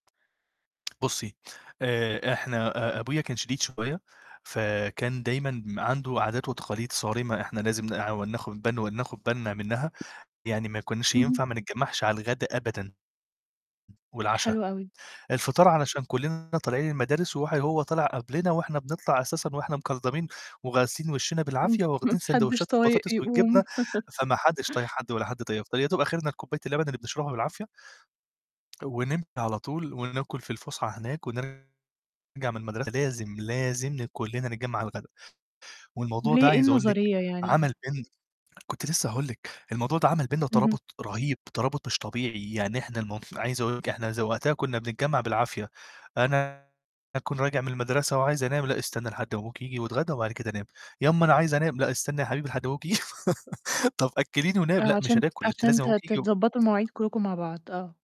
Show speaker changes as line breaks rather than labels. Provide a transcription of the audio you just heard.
بُصّي، آآ إحنا أ أبويا كان شديد شوية، فكان دايمًا م عنده عادات وتقاليد صارمة إحنا لازم نقع وناخُد بن وناخُد بالنا منّها، يعني ما كناش
اهم.
ينفع ما نتجمّعش على الغدا أبدًا والعشا،
حلو أوي.
الفطار علشان كلّنا طالعين المدارس وح وهو طلع قبلنا وإحنا بنطلع أساسًا وإحنا مكلضمين وغاسلين وِشّينا بالعافية
ما
وواخدين
حدّش
ساندويتشات
طايق
البطاطس والجبنة،
يقوم.
فما حدّش طايق حد ولا حد طايق يفطر يا دوب آخِرنا الكوباية اللبن اللي بنشربها بالعافية، ونمشي على طول وناكُل في الفُسحة هناك ونرجَع من المدرسة لازم، لازم ل كلّنا نجمّع على الغدا، والموضوع ده
ليه، إيه
عايز أقول لِك
النظرية يعني؟ ها
عمل بين كنت لسّه هاقول لِك، الموضوع ده عمل بيننا
اهم.
ترابط رهيب، ترابط مش طبيعي، يعني إحنا المُ عايز أقول لِك إحنا إذا وقتها كنّا بنتجمّع بالعافية، أنا أكون راجع من المدرسة وعايز أنام "لأ، استنى لحد ما أبوك ييجي واتغدّا وبعد كده نام." "يا امّا أنا عايز أنام." "لأ، استنى يا حبيبي لحد ما أبوك ي" "طَب أكّليني ونام؟"
آه،
"لأ، مش
عشان
هناكُل، أنت
عشان
لازم
ت
أبوك ييجي و"
تتضبّطوا المواعيد كلّكم مع بعض، آه.